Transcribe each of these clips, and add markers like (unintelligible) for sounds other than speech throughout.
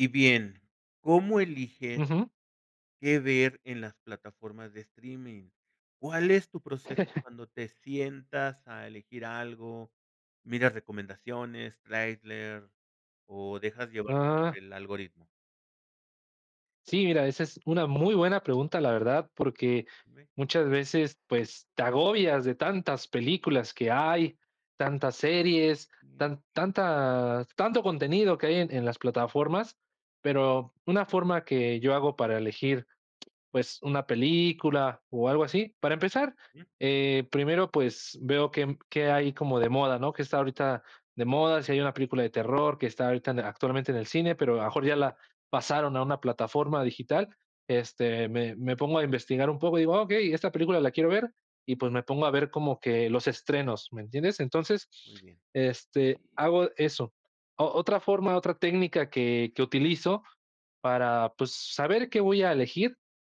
Y bien, ¿cómo elige? Ujú. ¿que ver en las plataformas de streaming? ¿Cuál es tu proceso (chuckles) cuando te sientas a elegir algo?, ¿miras recomendaciones, trailer o dejas llevar por Ah. el algoritmo? Sí, mira, esa es una muy buena pregunta, la verdad, porque Dime. muchas veces, pues, te agobias de tantas películas que hay, tantas series, Ujú. tan tantas tanto contenido que hay en en las plataformas, pero una forma que yo hago para elegir, pues, una película o algo así, para empezar, Ujú. eh, primero, pues, veo qué, mm, qué hay como de moda, ¿qué está ahorita de moda? Si hay una película de terror que está ahorita actualmente en el cine, pero a lo mejor ya la pasaron a una plataforma digital, este, me me pongo a investigar un poco y digo: "Ah, okey, esta película la quiero ver", y, pues, me pongo a ver como que los estrenos, ¿me entiendes? Entonces, Muy bien. este, hago eso. O otra forma, otra técnica que que utilizo para, pues, saber qué voy a elegir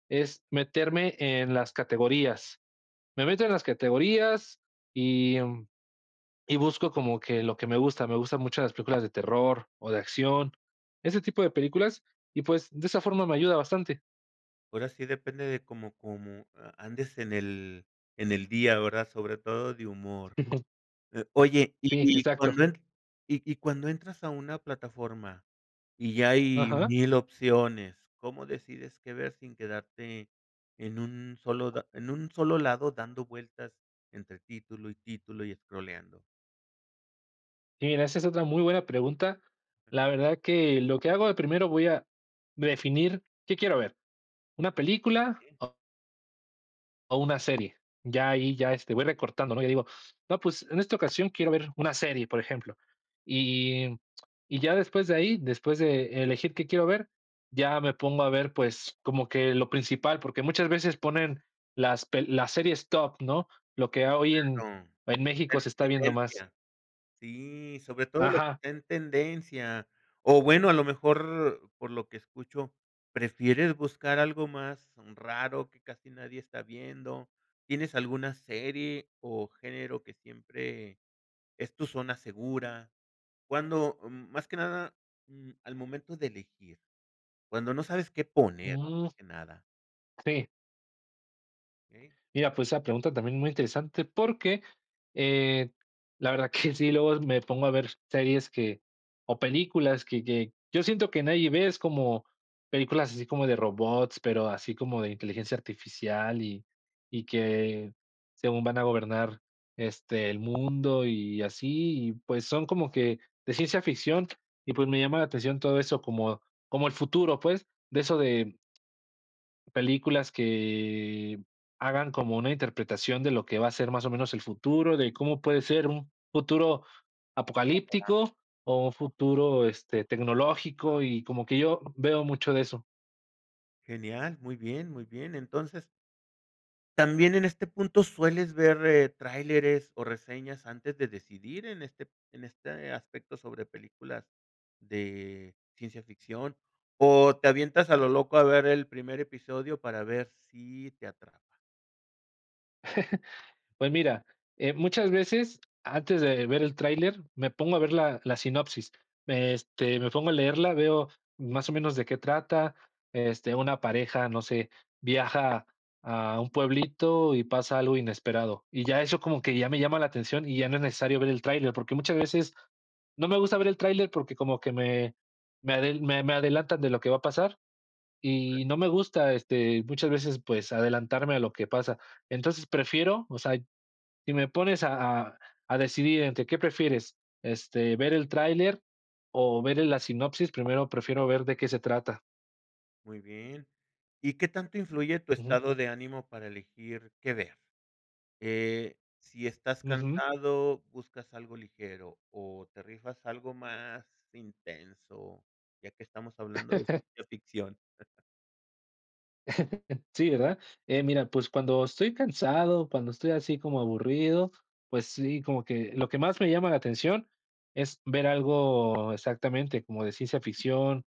es meterme en las categorías. Me meto en las categorías y, mm, y busco como que lo que me gusta, me gustan mucho las películas de terror o de acción, ese tipo de películas, y, pues, de esa forma me ayuda bastante. Ahora sí, depende de cómo cómo a andes en el en el día, ¿verdad?, sobre todo de humor. Ujú. Eh, oye, Sí, y y exacto. cuando en y y cuando entras a una plataforma, y ya hay Ajá. 1000 opciones, ¿cómo decides qué ver sin quedarte en un solo da en un solo lado dando vueltas entre título y título, y escrolleando? Mira, esa es otra muy buena pregunta, la verdad que lo que hago de primero, voy a de definir, ¿qué quiero ver?, una película ¿Eh? o? ¿o una serie?, ya ahí ya, este, voy recortando, ¿no?, yo digo: "No pues, en esta ocasión quiero ver una serie, por ejemplo, y y ya después de ahí, después de elegir qué quiero ver, ya me pongo a ver, pues, como que lo principal, porque muchas veces ponen las peli la series top, ¿no?, lo que a hoy en en México se está viendo más. (unintelligible) sí, sobre todo lo que Ajá. está en tendencia, o bueno, a lo mejor por lo que escucho, prefieres buscar algo más raro que casi nadie está viendo, ¿tienes alguna serie o género que siempre es tu zona segura? ¿Cuándo?, mm, más que nada, mm, al momento de elegir, cuándo no sabes qué poner, Mm. más que nada. Sí. Eh. Mira, pues, esa pregunta también muy interesante, porque, eh, la verdad que (chuckles) sí, luego me pongo a ver series que o películas que que yo siento que nadie ve, es como películas así como de robots, pero así como de inteligencia artificial, y y que según van a gobernar, este, el mundo y así, y pues, son como que de ciencia ficción, y pues, me llama la atención todo eso como como el futuro, pues, de eso de películas que hagan como una interpretación de lo que va a ser más o menos el futuro de, ¿cómo puede ser un futuro apocalíptico, o un futuro, (unintelligible) este, tecnológico?, y como que yo veo mucho de eso. Genial. Muy bien, muy bien, entonces también en este punto, ¿sueles ver tráileres o reseñas antes de decidir en este en este aspecto sobre películas de ciencia ficción? ¿o te avientas a lo loco a ver el primer episodio para ver si te atrapa? (chuckles) Pues mira, eh, muchas veces antes de ver el tráiler, me pongo a ver la la sinopsis, me, este, me pongo a leerla, veo más o menos de qué trata, este, una pareja, no sé, viaja a un pueblito y pasa algo inesperado, y ya, eso como que ya me llama la atención, y ya no es necesario ver el tráiler, porque muchas veces, no me gusta ver el tráiler, porque como que me me adel me me adelantan de lo que va a pasar, y no (unintelligible) me gusta, este, muchas veces, pues adelantarme a lo que pasa, entonces prefiero, o sea, si me pones a a a decidir entre qué prefieres, este, ver el tráiler o verle la sinopsis, primero prefiero ver de qué se trata. Muy bien, ¿y qué tanto influye tu Ujú. estado de ánimo para elegir qué ver?, eh, si estás Ujú. cansado, ¿buscas algo ligero o te rifas algo más intenso?, ya que estamos hablando de (chuckles) ciencia ficción. (chuckles) (chuckles) Sí, ¿verdad?, eh, mira, pues, cuando estoy cansado, cuando estoy así como aburrido, pues sí, como que, lo que más me llama la atención, es ver algo, exactamente, como de ciencia ficción,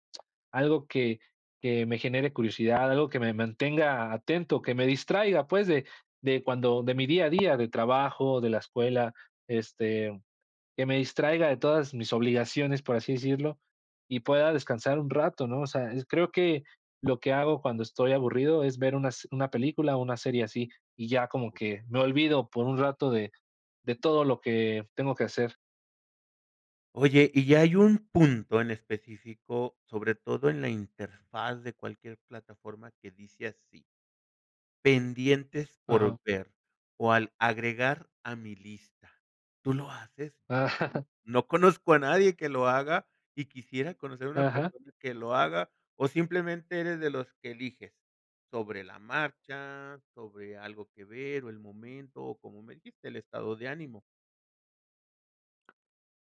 algo que que me genere curiosidad, algo que me mantenga atento, que me distraiga, pues de de cuando de mi día a día, de trabajo, de la escuela, este, que me distraiga de todas mis obligaciones, por así decirlo, y pueda descansar un rato, ¿no?, o sea, es creo que, lo que hago cuando estoy aburrido, es ver una s una película o una serie así, y ya como Okey. que, me olvido por un rato de todo lo que tengo que hacer. Oye, y ya hay un punto en específico, sobre todo en la interfaz de cualquier plataforma que dice así: "Pendientes por Ajá. ver, o al agregar a mi lista", ¿tú lo haces?, Ah. (giggles) no conozco a nadie que lo haga, y quisiera conocer a una Ajá. persona que lo haga, o simplemente eres de los que eliges sobre la marcha sobre algo que ver, o el momento, o como me dijiste el estado de ánimo.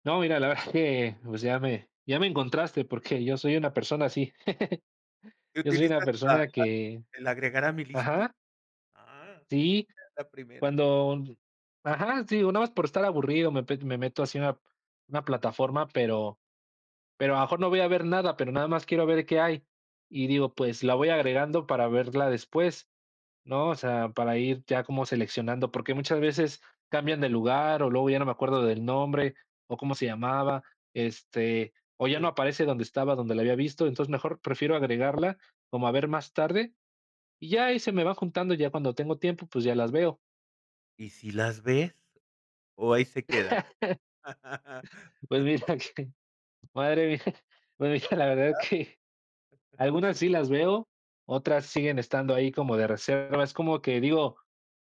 No, mira, la verdad que, pues, ya me ya me encontraste porque yo soy una persona así, (chuckles) yo soy una ¿Utilizas la la persona que el agregar a mi lista?, ¿ajá? ah, Sí, es la primera. cuando ajá, sí, o nada más por estar aburrido, me pe me meto así a una una plataforma, pero pero a lo mejor no voy a ver nada, pero nada más quiero ver qué hay, y digo, pues la voy agregando para verla después, ¿no?, o sea, para ir ya como seleccionando, porque muchas veces cambian de lugar, o luego ya no me acuerdo del nombre, o cómo se llamaba, este, o ya no aparece donde estaba, donde la había visto, entonces mejor prefiero agregarla como a ver más tarde, y ya ahí se me va juntando ya cuando tengo tiempo, pues, ya las veo. Y sí las ves, ¿o ahí se quedan? (laughs) (laughs) Pues mira que, madre mía, pues mira, la verdad es Ajá. que (chuckles) algunas sí las veo, otras siguen estando ahí como de reserva. Es como que digo,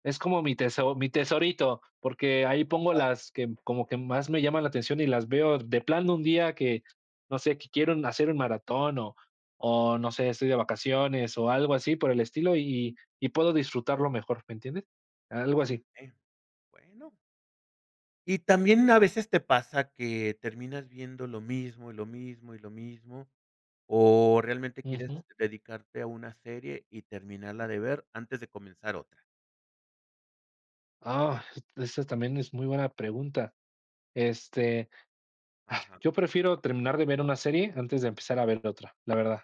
es como mi teso mi tesorito, porque Me han ahí pongo contado. las que como que más me llaman la atención y las veo de plano de un día que, no sé, que quiero hacer un maratón o o no sé, estoy de vacaciones, o algo así por el estilo, y y y puedo disfrutarlo mejor. ¿Me entiendes? Algo así. Eh, bueno. Y también a veces te pasa que terminas viendo lo mismo, y lo mismo, y lo mismo, ¿o realmente quieres Ujú. dedicarte a una serie y terminarla de ver antes de comenzar otra? Ah, esa también es muy buena pregunta. Este, ah, Ajá. yo prefiero terminar de ver una serie antes de empezar a ver otra. La verdad,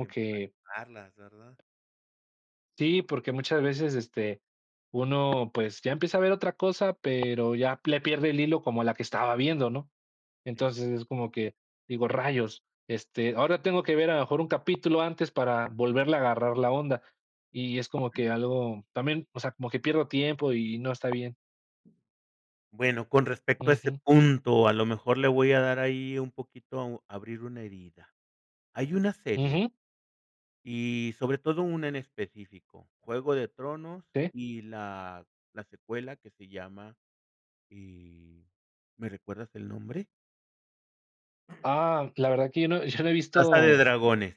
De que empatarlas, ¿verdad? Sí, porque muchas veces este, uno pues, ya empieza a ver otra cosa, pero ya le pierde el hilo como a la que estaba viendo, ¿no?, Exacto. entonces es como que digo: "Rayos", este, ahora tengo que ver a lo mejor un capítulo antes para volverle a agarrar la onda y es como Ujú. que algo también. O sea, como que pierdo tiempo, y no está bien. Bueno, con respecto a ese Ujú. punto, a lo mejor le voy a dar ahí un poquito abrir una herida. Hay una serie Ujú. y sobre todo, una en específico Juego de Tronos Sí. y la la secuela que se llama y, ¿me recuerdas el nombre? (clears throat) Ah, la verdad que yo no (chuckles) yo no he Casa de visto Dragones.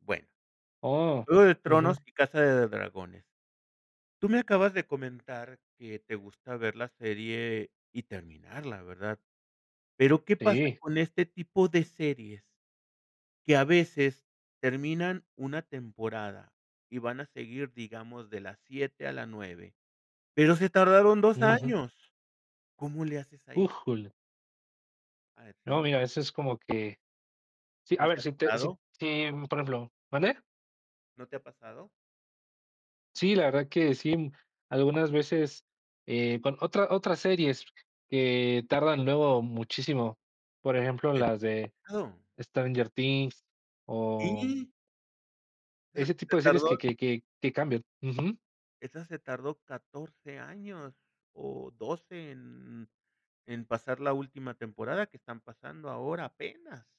Bueno, ¡Oh!, Juego de Tronos ujú. y Casa de Dragones. Tú me acabas de comentar que te gusta ver la serie y terminarla, ¿verdad?, pero qué pasa Sí. con este tipo de series, que a veces terminan una temporada y van a seguir, digamos, de la 7 a la 9, pero se tardaron 2 Ujú. años, ¿cómo le haces ahí? ¡Újule! ¿Ah, No, sí? mira, eso es como que sí, a ¿No te ver, ha si te si t pasado? si, mm, por ejemplo ¿mande? ¿No te ha pasado? Sí, la verdad que sí. Algunas veces, eh, con otra otras series que tardan Okey. luego muchísimo. Por ejemplo, las de (unintelligible) Stranger Things o Sí. Ah, Ese se tipo de series que tardó. que que que cambian, ujú. Esa se tardó 14 años, o 12 en en pasar la última temporada que están pasando ahora apenas.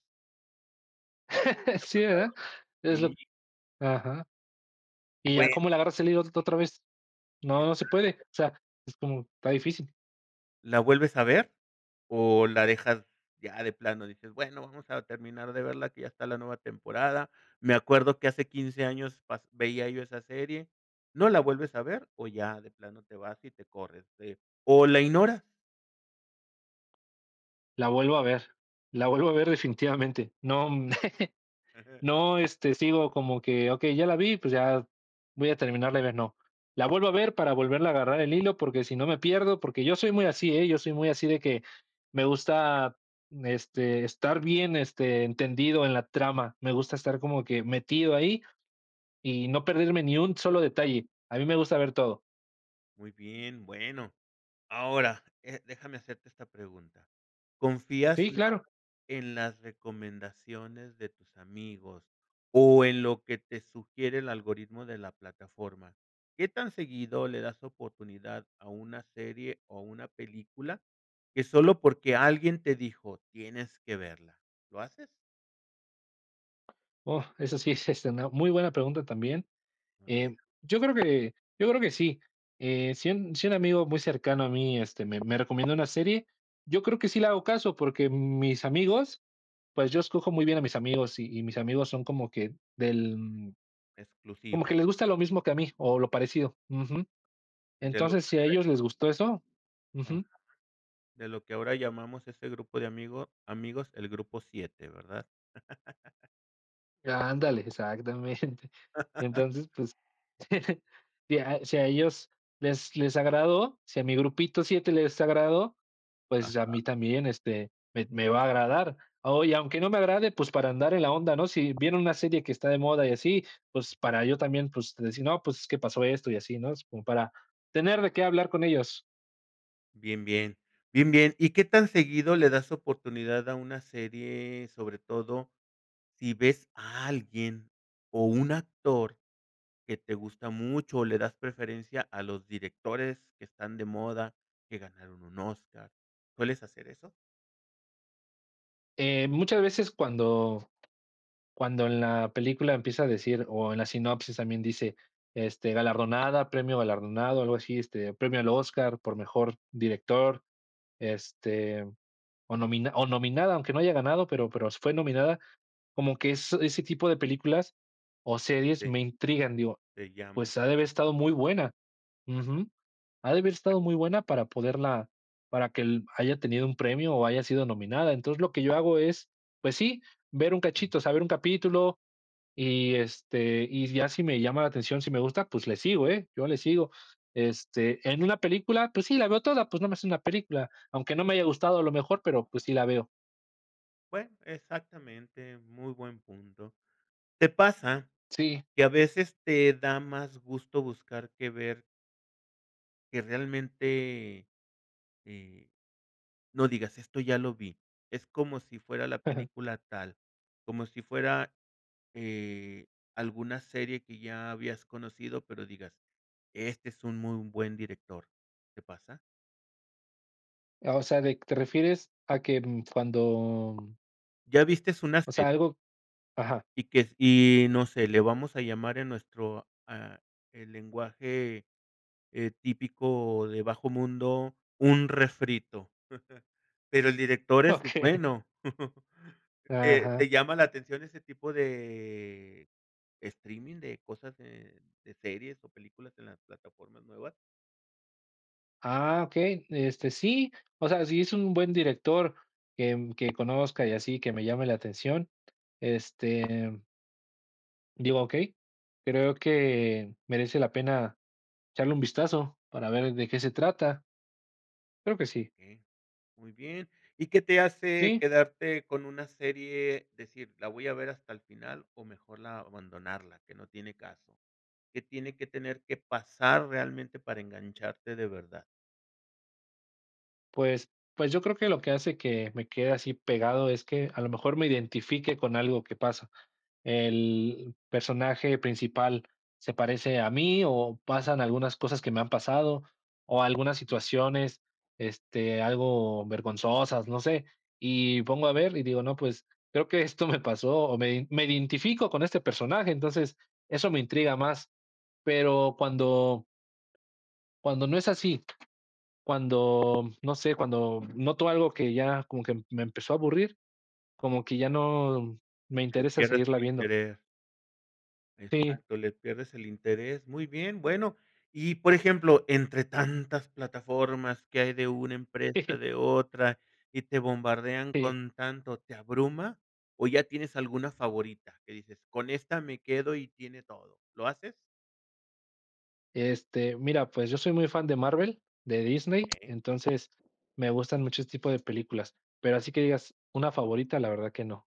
(laughs) ¿Te ha ¿Sí, pasado?, verdad?, es lo ¿sí? ajá. ¿Y ya Bueno. como le agarras el hilo ot otra vez?, no se Exacto. puede, o sea, es como está difícil. ¿La vuelves a ver, o la dejas ya de plano?, y dices: "Bueno, vamos a terminar de verla que ya está la nueva temporada, me acuerdo que hace 15 años pas veía yo esa serie", ¿no la vuelves a ver, o ya de plano te vas y te corres, eh, o la ignoras? La vuelvo a ver, la vuelvo a ver definitivamente, no, mm, (chuckles) (chuckles) no, este, sigo como que, okey, ya la vi, pues ya voy a terminarla de ver, no, la vuelvo a ver para volverla a agarrar el hilo porque si no me pierdo, porque yo soy muy así, ¿eh?, yo soy muy así, de que, me gusta, mm, este, estar bien, este, entendido en la trama, me gusta estar como que metido ahí y no perderme ni un solo detalle, a mí me gusta ver todo. Muy bien, bueno, ahora, eh, déjame hacerte esta pregunta, ¿confías Sí, más claro. en las recomendaciones de tus amigos o en lo que te sugiere el algoritmo de la plataforma? ¿Qué tan seguido le das oportunidad a una serie o una película, que sólo porque alguien te dijo: "Tienes que verla", lo haces? Oh, eso sí es, este, una muy buena pregunta también. A ver. Eh, yo creo que yo creo que sí. Eh, si un si un amigo muy cercano a mí, este, me me recomienda una serie. Yo creo que sí le hago caso, porque mis amigos pues, yo escojo muy bien a mis amigos, y mis amigos son como que del como Exclusivo. que les gusta lo mismo que a mí, o lo parecido. Ujú. De lo Entonces, si a (unintelligible) ellos les gustó eso. Ujú. Ajá, de lo que ahora llamamos ese grupo de amigo amigos, el grupo 7, ¿verdad? (chuckles) Ándale exactamente. (laughs) Entonces, pues, (chuckles) si a si a ellos les les agradó, si a mi grupito 7 les agradó, pues, a Ajá. mí también, este, me me va a agradar, oye, aunque no me agrade, pues, para andar en la onda, ¿no?, si viene una serie que está de moda y así, pues, para yo también, pues, decir no, pues, que pasó esto y así, ¿no?, como para tener de qué hablar con ellos. Bien, bien, bien, bien, ¿y qué tan seguido le das oportunidad a una serie?, sobre todo, si ves a alguien, o un actor que te gusta mucho o le das preferencia a los directores que están de moda, que ganaron un Óscar, ¿sueles hacer eso? Eh, muchas veces cuando cuando en la película empieza a decir o en la sinopsis también dice, este, galardonada, premio galardonado o algo así, este, premio al Óscar por mejor director, este, o nomina o nominada, aunque no haya ganado, pero pero s fue nominada como que eso ese tipo de películas o series Sí. me intrigan, digo: Te llaman, "Pues ha de haber ah. estado muy buena Ajá. ujú, ha de haber estado Pero. muy buena para poderla para que l haya tenido un premio, o haya sido nominada", entonces lo que yo hago es, pues sí, ver un cachito, o Ujú. sea, ver un capítulo, y este, y ya si me llama la atención, si me gusta, pues le sigo, eh, yo le sigo, este, en una película, pues sí, la veo toda, pues nomás es una película, aunque no me haya gustado a lo mejor, pero pues sí la veo. Bueno, exactamente, muy buen punto, ¿te pasa Sí. que a veces te da más gusto buscar que ver? Que realmente, eh, no digas: "Esto ya lo vi". Es como si fuera la (chuckles) película tal como si fuera, eh, alguna serie que ya habías conocido, pero digas: "Este es un muy buen director", ¿te pasa? Ah, o sea, de q ¿te refieres a que, mm, cuando? ¿Ya viste unas O que? sea, algo ajá. Y que si, no sé, le vamos a llamar en nuestro, ah, el lenguaje, eh, típico, de bajo mundo, un refrito, (chuckles) pero el director es Okey. bueno, (chuckles) ¿te Ajá. te llama la atención ese tipo de streaming de cosas, de de series o películas en las plataformas nuevas? Ah, okey, este sí, o sea, si es un buen director que, mm, que conozca y así, que me llame la atención, este Digo: "Okey, creo que merece la pena echarle un vistazo para ver de qué se trata". Creo que sí. Okey, muy bien, ¿y qué te hace Sí. quedarte con una serie, decir: "La voy a ver hasta el final", o mejor la abandonarla, que no tiene caso?, ¿qué tiene que tener que pasar realmente para engancharte de verdad? Pues pues yo creo que lo que hace que me quede así pegado, es que a lo mejor me identifique con algo que pasa, el personaje principal se parece a mí, o pasan algunas cosas que me han pasado, o algunas situaciones, este, algo vergonzosas, no sé, y pongo a ver y digo: "No, pues, creo que esto me pasó o me ide me identifico con este personaje", entonces eso me intriga más, pero cuando cuando no es así, cuando, no sé, cuando noto algo que, ya como que me empezó a aburrir, como que ya no me Que le interesa pierdes seguirla el viendo. interés. Sí. Exacto, le pierdes el interés, muy bien, bueno, y, por ejemplo, entre tantas plataformas que hay de una empresa, Sí. de otra, y te bombardean Sí. con tanto, ¿te abruma o ya tienes alguna favorita que dices: "Con esta me quedo y tiene todo", lo haces? Este, mira, pues yo soy muy fan de Marvel, de Disney, Okey. entonces, me gustan mucho ese tipo de películas, pero así que digas una favorita, la verdad que no,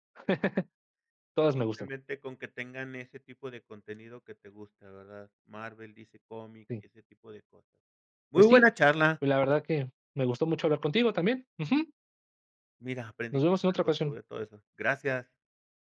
(chuckles) todas me gustan. Simplemente con que tengan ese tipo de contenido que te gusta, ¿verdad?, Marvel, DC Comic, Sí. y ese tipo de cosas, muy Pues sí, buena charla. pues la verdad que me gustó mucho hablar contigo también, ujú. Mira, aprendí Nos vemos en otra algo ocasión. sobre todo eso, gracias.